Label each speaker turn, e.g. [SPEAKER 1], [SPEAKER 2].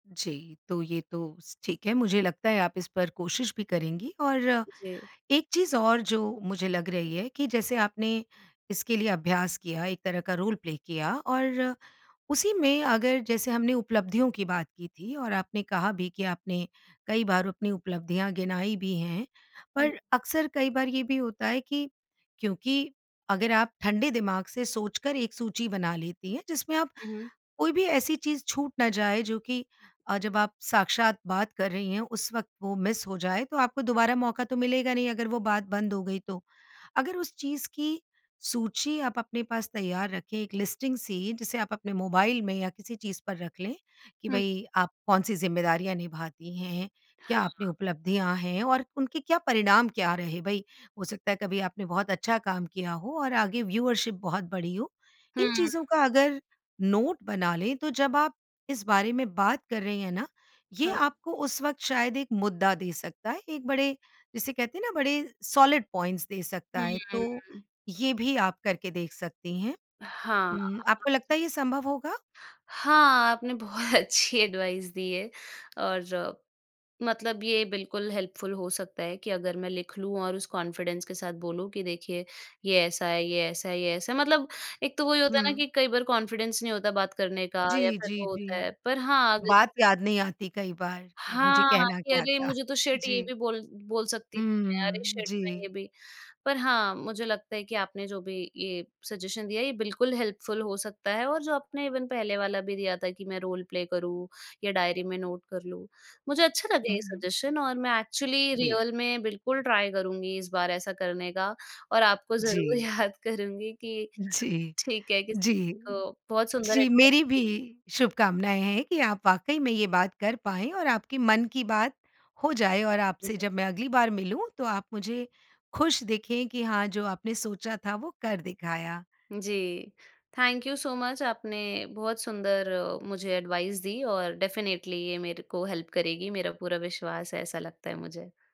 [SPEAKER 1] जी, तो ये तो स ठीक है मुझे लगता है आप इस पर कोशिश भी करेंगी और
[SPEAKER 2] जी।
[SPEAKER 1] एक चीज़ और जो मुझे लग रही है कि जैसे आपने इसके लिए अभ्यास किया, एक तरह का रोल प्ले किया, और उसी में अगर जैसे हमने उपलब्धियों की बात की थी और आपने कहा भी कि आपने कई बार अपनी उपलब्धियाँ गिनाई भी हैं।
[SPEAKER 2] हुँ।
[SPEAKER 1] पर अक्सर कई बार ये भी होता है कि क्योंकि अगर आप ठंडे दिमाग़ से सोच कर एक सूची बना लेती हैं जिसमें आप
[SPEAKER 2] हुँ, हुँ।
[SPEAKER 1] कोई भी ऐसी चीज़ छूट ना जाए जो कि अ, जब आप साक्षात बात कर रही हैं उस वक़्त वो मिस हो जाए तो आपको दोबारा मौका तो मिलेगा नहीं अगर वो बात बंद हो गई तो, अगर उस चीज़ की सूची आप अपने पास तैयार रखें एक लिस्टिंग सी, जिसे आप अपने मोबाइल में या किसी चीज़ पर रख लें, कि
[SPEAKER 2] हुँ।
[SPEAKER 1] भई आप कौन सी ज़िम्मेदारियाँ निभाती हैं हैं, क्या अपनी
[SPEAKER 2] हाँ।
[SPEAKER 1] उपलब्धियाँ हैं? और उनके क्या परिणाम क्या रहे? भई, हो सकता है कभी आपने बहुत अच्छा काम किया हो और आगे व्यूवरशिप बहुत बड़ी हो। इन
[SPEAKER 2] हुँ।
[SPEAKER 1] चीज़ों का अगर नोट बना लें तो जब आप इस बारे में बात कर रही हैं ना, ये
[SPEAKER 2] हाँ।
[SPEAKER 1] आपको उस वक़्त शायद एक मुद्दा दे सकता है, एक बड़े, जिसे कहते हैं ना बड़े सॉलिड पॉइंट्स दे सकता है तो
[SPEAKER 2] हम्म।
[SPEAKER 1] ये भी आप करके देख सकती हैं।
[SPEAKER 2] हाँ, हाँ
[SPEAKER 1] उम, आपको
[SPEAKER 2] जी।
[SPEAKER 1] लगता है ये संभव होगा?
[SPEAKER 2] हाँ, आपने बहुत अच्छी एडवाइस दी है, और मतलब ये बिल्कुल हेल्पफुल हो सकता है कि अगर मैं लिख लूँ और उस कॉन्फिडेंस के साथ बोलूँ कि देखिए ये ऐसा है, ये ऐसा है, ये ऐसा है, मतलब एक तो वही होता है ना
[SPEAKER 1] हुँ।
[SPEAKER 2] कि कई बार कॉन्फिडेंस नहीं होता बात करने का या
[SPEAKER 1] जी,
[SPEAKER 2] फिर
[SPEAKER 1] जी,
[SPEAKER 2] वो होता
[SPEAKER 1] जी,
[SPEAKER 2] है। पर हाँ, अगर
[SPEAKER 1] बात याद नहीं आती कई बार कि मुझे
[SPEAKER 2] हाँ,
[SPEAKER 1] कहना
[SPEAKER 2] कि
[SPEAKER 1] क्या
[SPEAKER 2] अरे
[SPEAKER 1] था?
[SPEAKER 2] मुझे तो शिट ये
[SPEAKER 1] जी।
[SPEAKER 2] भी बोल बोल सकती थी मैं अरे
[SPEAKER 1] हुँ,
[SPEAKER 2] शिट मैं ये
[SPEAKER 1] जी।
[SPEAKER 2] भी। पर हाँ, मुझे लगता है कि आपने जो भी ये सजेशन दिया है ये बिल्कुल हेल्पफुल हो सकता है और जो आपने इवन पहले वाला भी दिया था कि मैं रोल प्ले करूँ, या डायरी में नोट कर लूँ। मुझे अच्छा लगा
[SPEAKER 1] हुँ,
[SPEAKER 2] ये
[SPEAKER 1] हुँ।
[SPEAKER 2] सजेशन और मैं एक्चुअली
[SPEAKER 1] बी
[SPEAKER 2] रियल में बिल्कुल ट्राई करुँगी इस बार ऐसा करने का, और आपको ज़रूर
[SPEAKER 1] जी।
[SPEAKER 2] याद करुँगी कि
[SPEAKER 1] जी,
[SPEAKER 2] ठीक है, किसी
[SPEAKER 1] जी,
[SPEAKER 2] को बहुत सुंदर
[SPEAKER 1] जी,
[SPEAKER 2] एडवाइस
[SPEAKER 1] मेरी भी
[SPEAKER 2] दी।
[SPEAKER 1] शुभकामनाएँ हैं कि आप वाक़ई में ये बात कर पाएँ और आपके मन की बात हो जाए और आपसे
[SPEAKER 2] जी।
[SPEAKER 1] जब मैं अगली बार मिलूँ तो आप मुझे खुश दिखें कि हाँ, जो आपने सोचा था वो कर दिखाया।
[SPEAKER 2] जी, थैंक यू सो मच आपने बहुत सुंदर मुझे एडवाइस दी और डेफिनिटली ये मेरे को हेल्प करेगी, मेरा पूरा विश्वास है ऐसा लगता है मुझे।